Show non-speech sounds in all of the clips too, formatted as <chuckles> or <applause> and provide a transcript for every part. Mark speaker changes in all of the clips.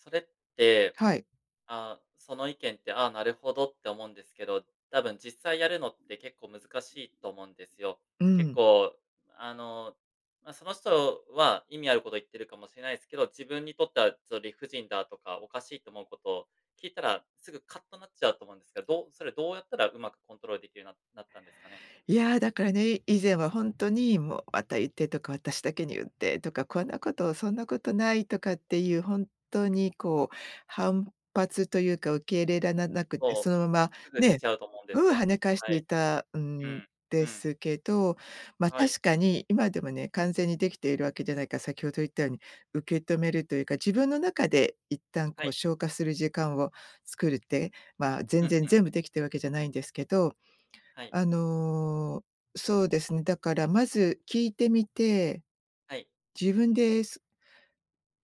Speaker 1: それって、
Speaker 2: はい。
Speaker 1: ああ、その意見って、「ああ、なるほど」って思うんですけど、多分実際やるのって結構難しいと思うんですよ。
Speaker 2: う
Speaker 1: 結
Speaker 2: ん。
Speaker 1: 構、あの、ま、その人は意味あること言ってるかもしれないですけど、自分にとってはちょっと理不尽だとか、おかしいと思うこと、聞いたら、すぐカッとなっちゃうと思うんですけど、どうそれどうやったら上手くコントロールできるようにななったんですかね？
Speaker 2: やあ、だからね、い以前はほんとにもう「また言って」とか「私だけに言って」とか「こんなこと、そんなことない」とかっていう本当にこう、反発というか受け入れららなくて、そ
Speaker 1: そう、
Speaker 2: のまま、
Speaker 1: すぐ出
Speaker 2: ね、
Speaker 1: ちゃうと思うんです
Speaker 2: うん跳
Speaker 1: よ。
Speaker 2: ね返し
Speaker 1: は
Speaker 2: てい
Speaker 1: い。
Speaker 2: た
Speaker 1: う
Speaker 2: ん
Speaker 1: ん、う
Speaker 2: で
Speaker 1: ん。
Speaker 2: すけど、ま
Speaker 1: はい。
Speaker 2: 確かに今でもね、完全にできているわけじゃないから、先ほど言ったように受け止めるというか、自分の中で一旦
Speaker 1: は
Speaker 2: こう
Speaker 1: い。
Speaker 2: 消化する時間を作るって、まあ、
Speaker 1: う
Speaker 2: 全
Speaker 1: ん
Speaker 2: 然
Speaker 1: うん。
Speaker 2: 全部できてるわけじゃないんですけど、
Speaker 1: はい。
Speaker 2: あの、そうですね。だからまず聞いてみて、
Speaker 1: はい。
Speaker 2: 自分で、す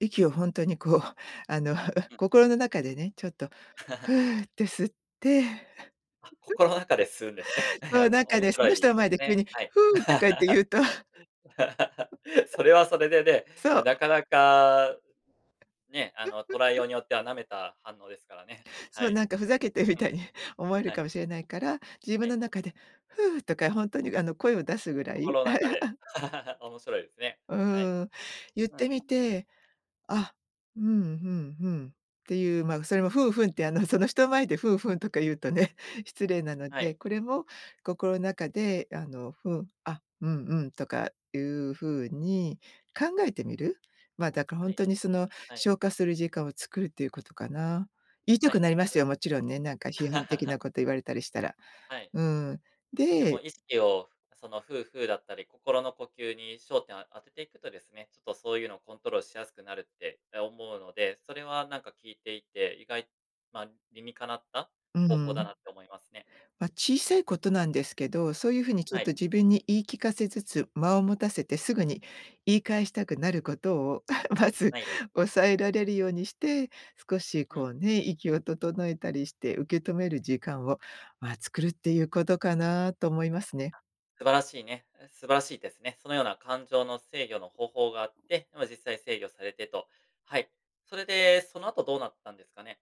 Speaker 2: 息を本当にこう、あの、
Speaker 1: うん。
Speaker 2: 心の中でね、ちょっと
Speaker 1: <giggles>
Speaker 2: フーて吸って
Speaker 1: あ、心の中で吸うんですね。
Speaker 2: <giggles> そう
Speaker 1: <chuckles>
Speaker 2: なんか
Speaker 1: 面
Speaker 2: ね、そ
Speaker 1: 白
Speaker 2: の人
Speaker 1: い
Speaker 2: の
Speaker 1: で
Speaker 2: 前
Speaker 1: す
Speaker 2: で急
Speaker 1: ね、
Speaker 2: に
Speaker 1: はい。
Speaker 2: フーとかって言うと
Speaker 1: <laughs>
Speaker 2: <giggles>
Speaker 1: それはそれでね、
Speaker 2: そう。
Speaker 1: なかなか、ね、あの捉えよ
Speaker 2: <giggles>
Speaker 1: うによっては舐めた反応ですからね。は
Speaker 2: そう、
Speaker 1: い。
Speaker 2: なんかふざけてるみ
Speaker 1: う
Speaker 2: たい
Speaker 1: ん。
Speaker 2: に思われる
Speaker 1: はい。
Speaker 2: かもしれないから、自
Speaker 1: は
Speaker 2: 分
Speaker 1: い。
Speaker 2: の中でフーとかほんとにあの声を出すぐらい
Speaker 1: 心の中で、
Speaker 2: <giggles>
Speaker 1: <laughs> 面白いですね。
Speaker 2: う
Speaker 1: はい。
Speaker 2: ーん、言っ
Speaker 1: う
Speaker 2: て
Speaker 1: ん。
Speaker 2: みて、あ、うん、ふん、ふんっていう、ま、それもふん、ふんって、あのその人前で「ふん、ふん」とか言うとね、失礼なの
Speaker 1: はい。
Speaker 2: で、これも心の中であのふあ、「うん、うん」とかいうふうに考えてみる。ま、だかほ
Speaker 1: は
Speaker 2: ん
Speaker 1: い、
Speaker 2: とにその
Speaker 1: はい。
Speaker 2: 消化する時間を作るということかな。言いた
Speaker 1: は
Speaker 2: く
Speaker 1: い、
Speaker 2: なりま
Speaker 1: あ
Speaker 2: す
Speaker 1: れ
Speaker 2: よ、もちろんね、なんか批判的な
Speaker 1: <laughs>
Speaker 2: こと言われたりしたら。
Speaker 1: はい。
Speaker 2: うん。
Speaker 1: で
Speaker 2: で
Speaker 1: も意識を、そのフーフーだったり心の呼吸に焦点を当てていくとですね、ちょっとそういうのをコントロールしやすくなるって、ま、思うので、それはなんか聞いていて、意外まあ、理にかなった
Speaker 2: う
Speaker 1: 方法だな
Speaker 2: ん。
Speaker 1: って思いますね。
Speaker 2: ま、小さいことなんですけど、そういうふうにちょ
Speaker 1: は
Speaker 2: っ
Speaker 1: い。
Speaker 2: と自分に言い聞かせつつ間を持たせてすぐに言い返したくなることを <giggles> まず
Speaker 1: はい。
Speaker 2: 抑えられるようにして、少し
Speaker 1: うん。
Speaker 2: こうね、息を整えたりして受け止める時間を、まあ作るっていうことかなと思いますね。
Speaker 1: 素晴らしいねえ素晴らしいですね。そのような感情の制御の方法があって、ま、実際制御されてと、はい。それで、その後どうなったんですかね？